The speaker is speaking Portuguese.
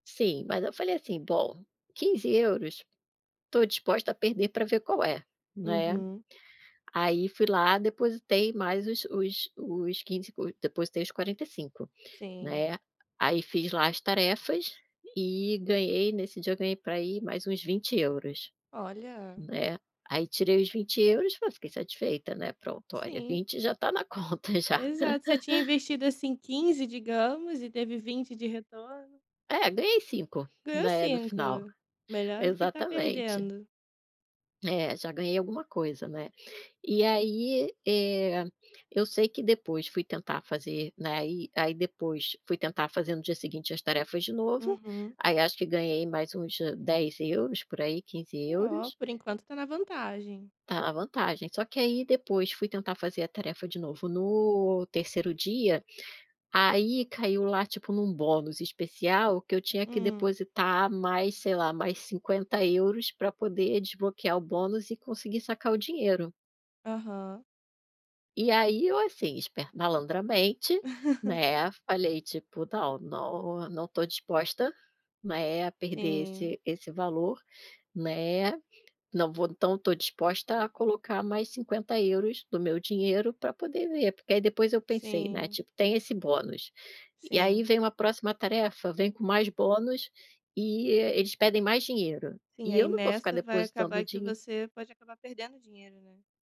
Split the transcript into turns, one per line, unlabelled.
Sim, mas eu falei assim, bom, 15,00 € tô disposta a perder pra ver qual é, né.
Uhum.
Aí fui lá, depositei mais os os os 15,00 €, o depositei os 45,00 €,
Sim.
né. Aí fiz lá as tarefas e ganhei, nesse dia eu ganhei pra aí mais uns 20,00 €,
Olha.
né. Aí tirei os 20,00 €, fa fiquei satisfeita, né. Pronto, olha,
Sim.
20,00 € já tá na conta já.
Exato, você tinha investido, assim, 15,00 € digamos e teve 20,00 € de retorno.
É ganhei 5,00 €,
Ganhou
né, no
5,00 €.
final,
Melhor do que estar
exatamente.
perdendo.
É já ganhei alguma coisa, né. E aí, eh, eu sei que depois fui tentar fazer, né, aí aí depois fui tentar fazer no dia seguinte as tarefas de novo,
Uhum.
aí acho que ganhei mais uns 10,00 € por aí, quinze
Oh,
euros.
por enquanto tá na vantagem.
Tá na vantagem, só que aí depois fui tentar fazer a tarefa de novo no terceiro dia, aí caiu lá tipo num bônus especial que eu tinha que
Hum.
depositar mais, sei lá, mais 50,00 € pra poder desbloquear o bônus e conseguir sacar o dinheiro.
Aham.
E aí eu, assim, espe malandramente, né, falei, tipo, não não não tô disposta, né, a perder
Sim.
esse esse valor, né, não vou então tô disposta a colocar mais 50,00 € do meu dinheiro pra poder ver, porque aí depois eu pensei, né,
Sim.
tipo tem esse bônus, e aí
Sim.
vem uma próxima tarefa, vem com mais bônus e eles pedem mais dinheiro,
Sim,
e
aí
eu não vou ficar
nessa vai
depositando
acabar que
din
você pode acabar perdendo dinheiro, né.